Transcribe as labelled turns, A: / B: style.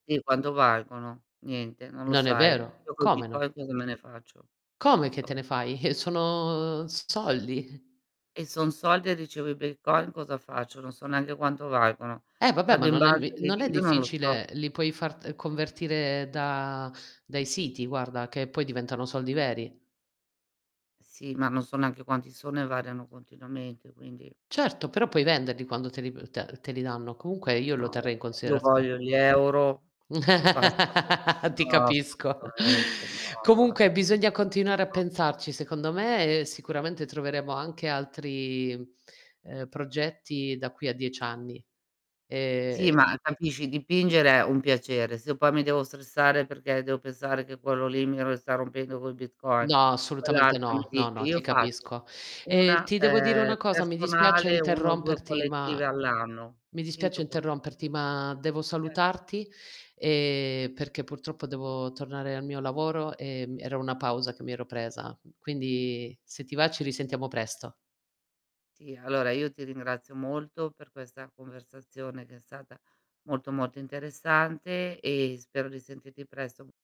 A: Sì, quanto valgono? Niente, non lo
B: Non è
A: sai.
B: vero.
A: Io col
B: Come no?
A: Bitcoin cosa me ne faccio?
B: Come
A: Non
B: che te
A: so.
B: ne fai? Sono s soldi.
A: Eh, son soldi e ricevo i Bitcoin cosa faccio? Non so neanche quanto valgono.
B: Eh, vabbè
A: Vado
B: ma
A: in
B: non è
A: banca, e li
B: non è
A: dividono, non lo so.
B: difficile, li puoi far, ehm, convertire da dai siti, guarda, che poi diventano soldi veri.
A: Sì, ma non so neanche quanti sono e variano continuamente, quindi
B: Certo, però puoi venderli quando te li p te te li danno. Comunque io lo
A: No,
B: terrei in
A: io
B: considerazione.
A: voglio gli euro. Basta. [unintelligible]
B: Ti
A: no,
B: capisco.
A: assolutamente. No, guar
B: Comunque bisogna continuare a
A: No.
B: pensarci secondo me e sicuramente troveremo anche altri, ehm, progetti da qui a 10 anni. Ehm
A: Sì, ma capisci, dipingere è un piacere. Se io poi mi devo stressare perché devo pensare che quello lì mi ro sta rompendo col Bitcoin.
B: No, assolutamente
A: Quell'altro mi
B: no. No
A: dice
B: no, ti
A: io faccio
B: capisco. Ehm,
A: una,
B: ti devo dire
A: ehm,
B: una cosa mi dispiace
A: personale, 1 o 2
B: interromperti ma
A: collettive all'anno,
B: mi dispiace
A: finito col
B: interromperti ma devo
A: Cer
B: salutarti, ehm, perché purtroppo devo tornare al mio lavoro, ehm, era una pausa che mi ero presa. Quindi, se ti va ci risentiamo presto.
A: Sì, allora io ti ringrazio molto per questa conversazione che è stata molto, molto interessante e spero di sentirti presto.